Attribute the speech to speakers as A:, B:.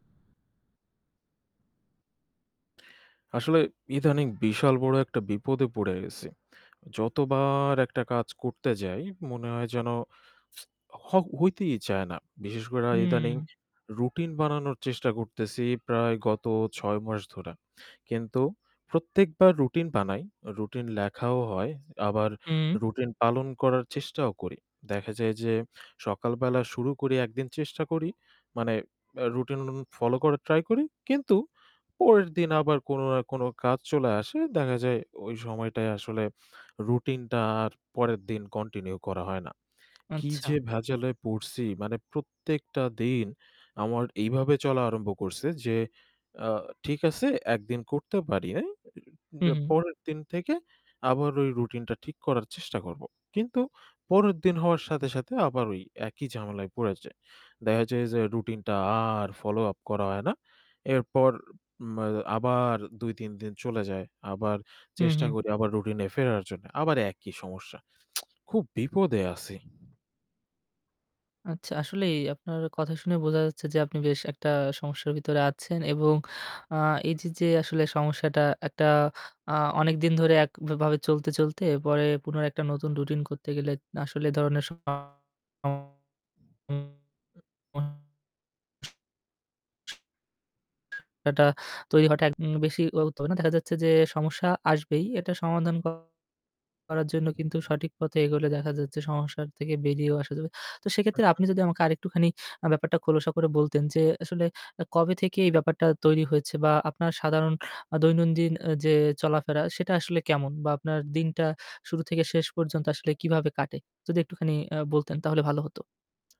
A: আসলে ইদানিং বিশাল বড় একটা বিপদে পড়ে গেছি। যতবার একটা কাজ করতে যাই মনে হয় যেন হ হইতেই চায় না। বিশেষ কইরা ইদানিং
B: হুম।
A: routine বানানোর চেষ্টা করতেছি প্রায় গত ৬ মাস ধরে। কিন্তু প্রত্যেকবার routine বানাই, routine লেখাও হয় আবার
B: হুম।
A: routine পালন করার চেষ্টাও করি। দেখা যায় যে সকালবেলা শুরু করি, একদিন চেষ্টা করি মানে অ্যা routine follow করার try করি। কিন্তু পরের দিন আবার কোনো না কোনো কাজ চলে আসে। দেখা যায় ওই সময়টায় আসলে routine টা আর পরের দিন continue করা হয় না। কি
B: আচ্ছা।
A: যে ভেজালে পড়ছি! মানে প্রত্যেকটা দিন আমার এইভাবে চলা আরম্ভ করছে যে, আ ঠিক আছে, ১ দিন করতে পারি নাই। এ
B: হু,
A: এ
B: হু।
A: পরের দিন থেকে আবার ওই routine টা ঠিক করার চেষ্টা করব। কিন্তু পরের দিন হওয়ার সাথে, সাথে আবার ওই একই ঝামেলায় পড়ে যাই। দেখা যায় যে routine টা আর follow up করা হয় না। এরপর, উম আ আবার ২-৩ দিন চলে যায়। আবার
B: হু,
A: চেষ্টা
B: হু।
A: করি আবার routine-এ ফেরার জন্য। আবার একই সমস্যা। খুব বিপদে আছি।
B: আচ্ছা। আসলেই আপনার কথা শুনে বোঝা যাচ্ছে যে আপনি বেশ একটা সমস্যার ভিতরে আছেন এবং আ এই যে আসলে সমস্যাটা একটা আ অনেকদিন ধরে একভাবে চলতে, চলতে পরে পুনরায় একটা নতুন routine করতে গেলে আসলে এই ধরনের সমস্যাটা তৈরি হওয়াটা একদম বেশি [unintelligible] হবে না। দেখা যাচ্ছে যে সমস্যা আসবেই, এটা সমাধান করার জন্য কিন্তু সঠিক পথে এগোলে দেখা যাচ্ছে সমস্যার থেকে বেরিয়েও আসা যাবে। তো
A: হু,
B: সেক্ষেত্রে
A: হু।
B: আপনি যদি আমাকে আরেকটুখানি অ্যা ব্যাপারটা খোলসা করে বলতেন যে আসলে অ্যা কবে থেকে এই ব্যাপারটা তৈরি হয়েছে বা আপনার সাধারণ আ দৈনন্দিন অ্যা যে চলাফেরা সেটা আসলে কেমন বা আপনার দিনটা শুরু থেকে শেষ পর্যন্ত আসলে কিভাবে কাটে? যদি একটুখানি আ বলতেন তাহলে ভালো হতো।